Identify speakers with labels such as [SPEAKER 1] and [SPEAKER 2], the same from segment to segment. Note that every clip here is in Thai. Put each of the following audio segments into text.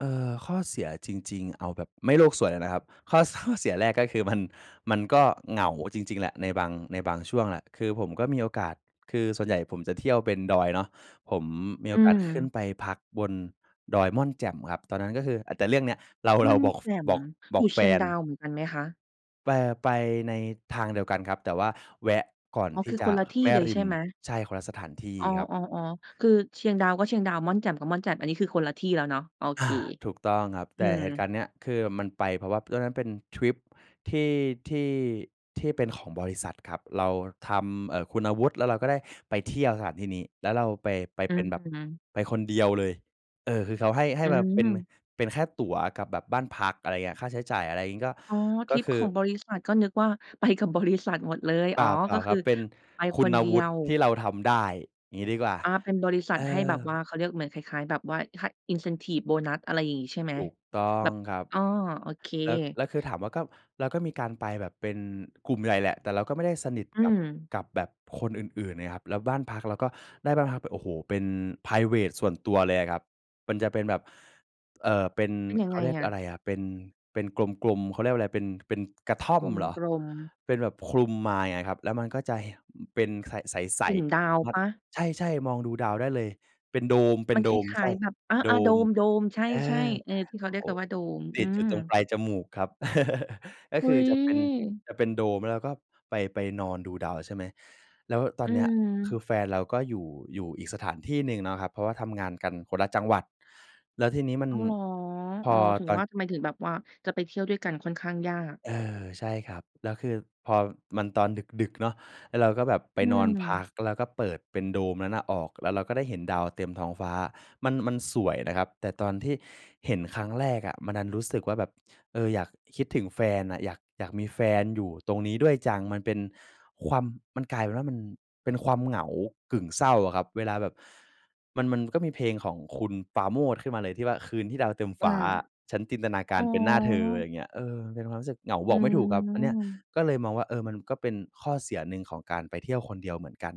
[SPEAKER 1] เอ่อ ข้อเสียจริง ๆ เอาแบบไม่โลกสวยเลยนะครับ ข้อ ส ข้อ เสียแรกก็คือมัน มันก็เหงาจริง ๆ แหละ ในบาง ในบางช่วงแหละ คือผมก็มีโอกาส คือส่วนใหญ่ผมจะเที่ยวเป็นดอยเนาะ ผมมี
[SPEAKER 2] อ
[SPEAKER 1] โอ
[SPEAKER 2] ื
[SPEAKER 1] กาสขึ้น
[SPEAKER 2] ม
[SPEAKER 1] ไปพักบนดอยม่อนแจ่มครับ ตอนนั้นก็คือ อ แต่เรื่องเนี้ย เรา
[SPEAKER 2] ม
[SPEAKER 1] เ
[SPEAKER 2] ่
[SPEAKER 1] รา
[SPEAKER 2] อน
[SPEAKER 1] บอก
[SPEAKER 2] แ
[SPEAKER 1] ฟ
[SPEAKER 2] จ่ม
[SPEAKER 1] บอก บ
[SPEAKER 2] อย
[SPEAKER 1] อ
[SPEAKER 2] ู
[SPEAKER 1] ก
[SPEAKER 2] ่
[SPEAKER 1] แฟ
[SPEAKER 2] เชียง
[SPEAKER 1] น
[SPEAKER 2] ดาวเหมือนกันไหมคะ?
[SPEAKER 1] ไป ไปในทางเดียวกันครับ แต่ว่าแวะก่อน
[SPEAKER 2] อ๋อ
[SPEAKER 1] ที
[SPEAKER 2] ค
[SPEAKER 1] ่
[SPEAKER 2] ือ
[SPEAKER 1] จ
[SPEAKER 2] ค
[SPEAKER 1] ะ
[SPEAKER 2] นละที่
[SPEAKER 1] แม่
[SPEAKER 2] เลย
[SPEAKER 1] ริ
[SPEAKER 2] ใช่
[SPEAKER 1] ม
[SPEAKER 2] ไหม?
[SPEAKER 1] ใช่ คนละสถานที่
[SPEAKER 2] อ๋อ
[SPEAKER 1] ครับ
[SPEAKER 2] ๆ ๆ คือเชียงดาวก็เชียงดาว ม่อนแจ่มก็ม่อนแจ่ม อันนี้คือคนละที่แล้วเนาะ? โอเ
[SPEAKER 1] อ
[SPEAKER 2] ค
[SPEAKER 1] า ถูกต้องครับ
[SPEAKER 2] อ
[SPEAKER 1] แ
[SPEAKER 2] ื
[SPEAKER 1] ต่
[SPEAKER 2] ม
[SPEAKER 1] เหตุการณ์เนี้ย คือมันไปเพราะว่า ตอนนั้นเป็นทริปที่ ที่ ที่เป็นของบริษัทครับ เราทำ เอ่อ คุณวุฒิ แล้วเราก็ได้ไปเที่ยวสถานที่นี้ แล้วเราไป ไป
[SPEAKER 2] อื
[SPEAKER 1] เป็นแบบ
[SPEAKER 2] ม
[SPEAKER 1] ไปคนเดียวเลย เออ คือเขาให้ ให
[SPEAKER 2] อ
[SPEAKER 1] ้
[SPEAKER 2] ื
[SPEAKER 1] มาเป็น
[SPEAKER 2] ม
[SPEAKER 1] เป็นแค่ตั๋วกับแบบบ้านพัก อะไรอย่างเงี้ย ค่าใช้จ่ายอะไรงี้ก็
[SPEAKER 2] อ๋อ ท
[SPEAKER 1] ก
[SPEAKER 2] ร
[SPEAKER 1] ็
[SPEAKER 2] ิป
[SPEAKER 1] ค
[SPEAKER 2] ข
[SPEAKER 1] ือ
[SPEAKER 2] องบริษัท ก็นึกว่าไปกับบริษัทหมดเลย
[SPEAKER 1] เป
[SPEAKER 2] อ๋
[SPEAKER 1] ล
[SPEAKER 2] อ
[SPEAKER 1] ่า เปล่
[SPEAKER 2] ก
[SPEAKER 1] า
[SPEAKER 2] ็
[SPEAKER 1] ค
[SPEAKER 2] ค
[SPEAKER 1] รั
[SPEAKER 2] ือ
[SPEAKER 1] บ เป็น
[SPEAKER 2] ไป
[SPEAKER 1] คุ
[SPEAKER 2] คน
[SPEAKER 1] ณ
[SPEAKER 2] เดี
[SPEAKER 1] วุ
[SPEAKER 2] ย
[SPEAKER 1] ฒิ
[SPEAKER 2] ว
[SPEAKER 1] ที่เราทำได้ อย่างงี้ดีกว่า
[SPEAKER 2] อา เป็นบริษั
[SPEAKER 1] เอ
[SPEAKER 2] ทให้แ
[SPEAKER 1] อ
[SPEAKER 2] บบว่า เขาเรียกเหมือนคล้าย ๆ แบบว่าค่า incentive โบนัส อะไรอย่างงี้ใช่ไหม?
[SPEAKER 1] ถูกต้อ
[SPEAKER 2] แ
[SPEAKER 1] ง
[SPEAKER 2] บบ
[SPEAKER 1] ครับ
[SPEAKER 2] อ๋อ โอเค
[SPEAKER 1] แล้ว แล้วคือ ถามว่าก็ แล้วก็มีการไปแบบเป็นกลุ่มใหญ่แหละ แต่เราก็ไม่ได้สนิท
[SPEAKER 2] อื
[SPEAKER 1] กับ
[SPEAKER 2] ม
[SPEAKER 1] กับแบบคนอื่น ๆ ไงครับ แล้วบ้านพักเราก็ได้บ้านพักเป็น โอ้โฮ เป็นไพรเวตส่วนตัวเลยอะครับ มันจะเป็นแบบ เอ่อ เป็น
[SPEAKER 2] เป็นยั
[SPEAKER 1] เ
[SPEAKER 2] ง
[SPEAKER 1] ข
[SPEAKER 2] ไง
[SPEAKER 1] าเรียก
[SPEAKER 2] อะ?
[SPEAKER 1] อะไรอะ เป็นกลม ๆ เขาเรียกว่าอะไร เป็น เป็นกระท่อ
[SPEAKER 2] ก
[SPEAKER 1] มเหรอ
[SPEAKER 2] ลม ๆ
[SPEAKER 1] เป็นแบบคลุมไม้อะครับ แล้วมันก็จะ ห เป็นคละ ใส
[SPEAKER 2] กลุ่มดา
[SPEAKER 1] ๆ ส
[SPEAKER 2] ว
[SPEAKER 1] ามา
[SPEAKER 2] เ
[SPEAKER 1] ร
[SPEAKER 2] ป
[SPEAKER 1] ถ
[SPEAKER 2] ล่า?
[SPEAKER 1] ใช่ ๆ มองดูดาวได้เลย เป็นโดม เป็
[SPEAKER 2] มั
[SPEAKER 1] น
[SPEAKER 2] น
[SPEAKER 1] โด
[SPEAKER 2] ค
[SPEAKER 1] ม
[SPEAKER 2] ล
[SPEAKER 1] ใ
[SPEAKER 2] ้
[SPEAKER 1] ช
[SPEAKER 2] า
[SPEAKER 1] ่
[SPEAKER 2] ย ๆ แบบ อ
[SPEAKER 1] โด
[SPEAKER 2] า ๆ โด
[SPEAKER 1] ม
[SPEAKER 2] ม ๆ ใ
[SPEAKER 1] เอ
[SPEAKER 2] ช่
[SPEAKER 1] อ
[SPEAKER 2] ๆ เออ ที่เขา
[SPEAKER 1] โอ
[SPEAKER 2] เรียก
[SPEAKER 1] ้
[SPEAKER 2] กันว่าโดม
[SPEAKER 1] ต
[SPEAKER 2] อื
[SPEAKER 1] ิดอยู
[SPEAKER 2] ม
[SPEAKER 1] ่ตรงปลายจมูกครับ ก็
[SPEAKER 2] อุ
[SPEAKER 1] ค
[SPEAKER 2] ๊
[SPEAKER 1] ือ
[SPEAKER 2] ย
[SPEAKER 1] จะเป็น จะเป็นโดม แล้วก็ไป ไปนอนดูดาวใช่ไหม แล้วต
[SPEAKER 2] อ
[SPEAKER 1] อ
[SPEAKER 2] ื
[SPEAKER 1] นเนี้ยคื
[SPEAKER 2] ม
[SPEAKER 1] อแฟนเราก็อยู่ อยู่อีกสถานที่หนึ่งเนาะครับ เพราะว่าทำงานกันคนละจังหวัด แล้วทีนี้มั
[SPEAKER 2] อ
[SPEAKER 1] น
[SPEAKER 2] ้าวหรอ?
[SPEAKER 1] พ
[SPEAKER 2] อ๋
[SPEAKER 1] อ
[SPEAKER 2] อ ถึง
[SPEAKER 1] ตอ
[SPEAKER 2] ว
[SPEAKER 1] น
[SPEAKER 2] ่าทำไมถึงแบบว่าจะไปเที่ยวด้วยกันค่อนข้างยาก
[SPEAKER 1] เออ ใช่ครับ แล้วคือพอมัน ตอนดึก ๆ เนาะ ไอ้เราก็แบบไป
[SPEAKER 2] อื
[SPEAKER 1] นอนพ
[SPEAKER 2] ม
[SPEAKER 1] ัก แล้วก็เปิดเป็นโดมนั้นน่ะออก แล้วเราก็ได้เห็นดาวเต็มท้องฟ้า มัน มันสวยนะครับ แต่ตอนที่เห็นครั้งแรกอะ มันดันรู้สึกว่าแบบ เออ อยาก คิดถึงแฟนอะ อยาก อยากมีแฟนอยู่ตรงนี้ด้วยจัง มันเป็นความ มันกลายเป็นว่ามันเป็นความเหงากึ่งเศร้าอะครับ เวลาแบบ มัน มันก็มีเพลงของคุณปาโมทย์ขึ้นมาเลย ที่ว่า "คืนที่ดาวเต็มฟ
[SPEAKER 2] อา
[SPEAKER 1] ้า ฉันจินตนาก
[SPEAKER 2] อ
[SPEAKER 1] า
[SPEAKER 2] ๋
[SPEAKER 1] รเป็นหน้าเธอ" อะไร
[SPEAKER 2] อ
[SPEAKER 1] เงี้ย เออ มันเป็นความรู้สึกเหงา
[SPEAKER 2] อ
[SPEAKER 1] บ
[SPEAKER 2] ื
[SPEAKER 1] อกไม่ถูกครับ อันเนี้ย
[SPEAKER 2] ม
[SPEAKER 1] ก็เลยมองว่า เออ มันก็เป็นข้อเสียหนึ่งของการไปเที่ยวคนเดียวเหมือนกัน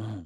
[SPEAKER 1] อืม